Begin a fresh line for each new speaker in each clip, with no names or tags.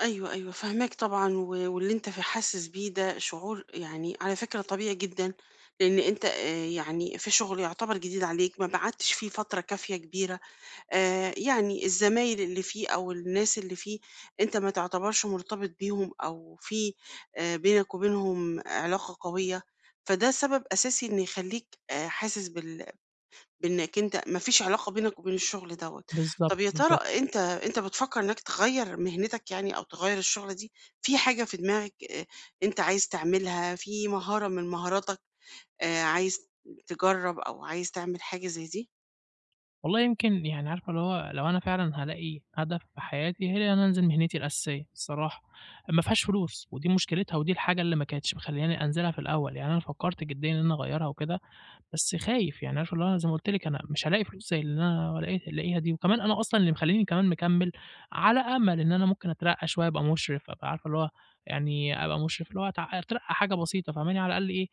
أيوه، أيوه فاهماك طبعًا و واللي أنت في حاسس بيه ده شعور يعني على فكرة طبيعي جدًا، لأن أنت آآ، يعني في شغل يعتبر جديد عليك، ما قعدتش فيه فترة كافية كبيرة، آآ، يعني الزمايل اللي فيه أو الناس اللي فيه، أنت ما تعتبرش مُرتبِط بيهم أو في آآ، بينَك وبينهُم علاقة قوية، فده سبب أساسي إن يخليك آآ، حاسس بال بإنَّك أنت ما فيش علاقة بينك وبين الشغل دوَّة،
بالضبط،
طَب يا ترى
بالضبط.
أنت أنت بتفكّر إنَّك تغيّر مِهنتَك يعني، أو تغيّر الشُغلة دي؟ في حاجة في دماغَك أ أنت عايز تعملها، في مهارة من مهاراتَك آآ، عايز تجرّب أو عايز تعمل حاجة زي دي؟
والله يمكن يعني عارفة اللي هو لو أنا فعلًا هالاقي هدف في حياتي، هي إن أنا أنزل مهنتي الأساسيّة الصراحة، مافيهاش فلوس ودي مُشكلتها ودي الحاجة اللي ما كانتش مخلياني أنزلها في الأول، يعني أنا فكّرت جديًا إن أنا أغيّرها وكده، بس خايف، يعني عارفة اللي هو أنا زي ما قُلت لكِ أنا مش هالاقي فلوس زي اللي أنا لاق لاقيها دي، وكمان أنا أصلًا اللي مخلّيني كمان مكمّل على أمل إن أنا ممكن أترقّى شوية، أبقى مُشرِف، أبقى عارفة اللي هو يعني أبقى مُشرِف، اللي هو أت أترقّى حاجة بسيطة فاهماني، على الأقل إيه،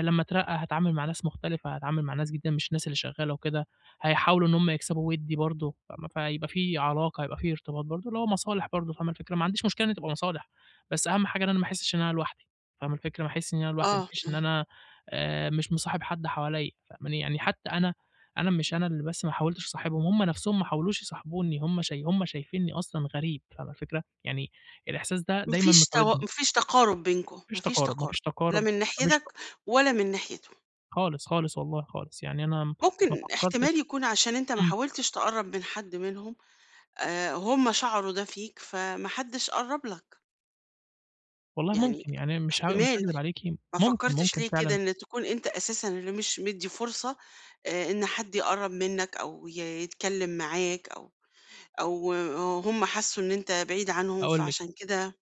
لمّا أترقّى هاتعامل مع ناس مختلفة هاتعامل مع ناس جديدة مش الناس اللي شغالة وكده، هيحاولوا إن هم يكسبوا ودّي برضه، فاهمة، فهيبقى في علاقة، هيبقى في ارتباط برضه، اللي هو مصالح برضه فاهمة الفكرة، ما عنديش مشكلة إن هي تبقى مصالح، بس أهم حاجة إن أنا ما أحسِّش إن أنا لوحدي، فاهمة الفكرة، ما أحسش إن أنا لوحدي،
آه،
مش إن
آه.
أنا آآ، مش مصاحب حد حواليّا، فاهماني، يعني حتى أنا أنا مش أنا اللي بس ما حاولتش اصاحبهم، هم نفسهم ما حاولوش يصاحبوني، هم ش هم شايفينني أصلًا غريب، فاهمة الفكرة، يعني الإحساس ده
ما
دايمًا
فيش تو
مطاردني.
ما فيش تقارب بينكم،
ما
ما
فيش
فيش
تقارب ما
تقارب،
فيش
لا
تقارب
من
ما فيش ت
ناحيتك ولا من ناحيتهُم.
خالص، خالص، والله خالص، يعني أنا ما
ممكن
فكّرتش
إحتمال يكون علشان أنت ما
إمم.
حاولتش تقرّب من حد منهم آآ، هم شَعروا ده فيك، فما حدش قرّب لَك.
والله
يعني
ممكن، يعني مش ها مش
إحتمال،
هاكدب عليكِ
ما
ممكن،
فكّرتش
ممكن
ليه كده
فعلًا.
إنك تكون أنت أساسًا اللي مش مدّي فُرصة آآ، إن حد يقرّب منَّك أو ي يتكلّم معاك أو أو هُم حسّوا إن أنت بعيد عنهم
أقول لِك.
فعشان كده؟